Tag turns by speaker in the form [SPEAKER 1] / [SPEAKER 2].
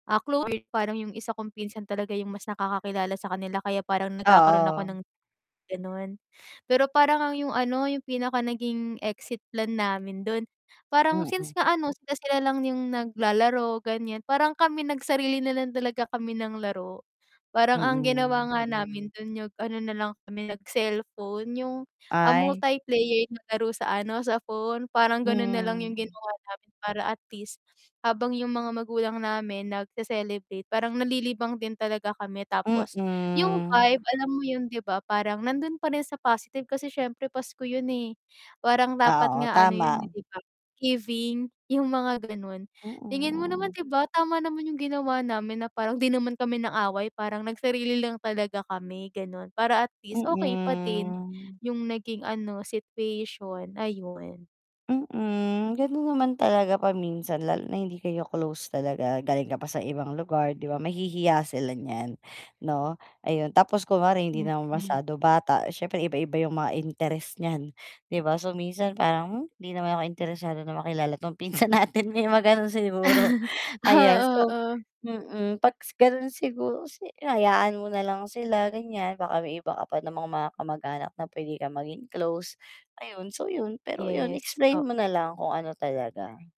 [SPEAKER 1] Ah, clo parang yung isa kong pinsan talaga yung mas nakakakilala sa kanila, kaya parang nagkakaroon ako
[SPEAKER 2] Oo.
[SPEAKER 1] ng ganun. Pero, parang ang yung ano, yung pinaka naging exit plan namin dun, parang
[SPEAKER 2] Mm.
[SPEAKER 1] since nga ano, sila-sila lang yung naglalaro ganyan, parang kami nagsarili nalang talaga kami ng laro, parang ang ginawa
[SPEAKER 2] Mm.
[SPEAKER 1] nga namin dun, yung ano nalang kami nag-cellphone yung, ah,
[SPEAKER 2] Ay.
[SPEAKER 1] multiplayer na laro sa ano sa phone, parang ganun nalang yung
[SPEAKER 2] Hmm.
[SPEAKER 1] ginawa namin, para at least habang yung mga magulang namin nagse-celebrate, parang nalilibang din talaga kami, tapos yung
[SPEAKER 2] Mm.
[SPEAKER 1] vibe alam mo yun, di ba, parang nandun pa rin sa positive, kasi syempre pasko yun, eh, parang
[SPEAKER 2] Ah,
[SPEAKER 1] dapat
[SPEAKER 2] oo,
[SPEAKER 1] nga ano yun, eh
[SPEAKER 2] tama.
[SPEAKER 1] di ba giving, yung mga ganon. Tingin mo naman
[SPEAKER 2] Mm.
[SPEAKER 1] di ba tama naman yung ginawa namin, na parang di naman kami nang-away, parang nagsarili lang talaga kami ganon, para at least okay pa din
[SPEAKER 2] Mm.
[SPEAKER 1] yung naging ano situation, ayun.
[SPEAKER 2] Mm, ganun naman talaga paminsan, lalo na hindi kayo close talaga, galing ka pa sa ibang lugar di ba, mahihiya sila niyan 'no, ayun. Tapos kunwari hindi naman
[SPEAKER 1] Mm.
[SPEAKER 2] masyado bata, siyempre iba-iba yung mga interest niyan di ba, so, minsan parang, hmm hindi naman ako interesado na makilala 'tong pinsan natin may mga ganun siguro. Ayan,
[SPEAKER 1] Oo,
[SPEAKER 2] so,
[SPEAKER 1] oh.
[SPEAKER 2] mm, pag s ganon siguro, si hayaan mo nalang sila ganyan, baka may iba ka pa namang mga kamag-anak na pwede ka maging close, ayun, so, yun, pero yun,
[SPEAKER 1] Yes
[SPEAKER 2] explain
[SPEAKER 1] oh
[SPEAKER 2] mo nalang kung ano talaga.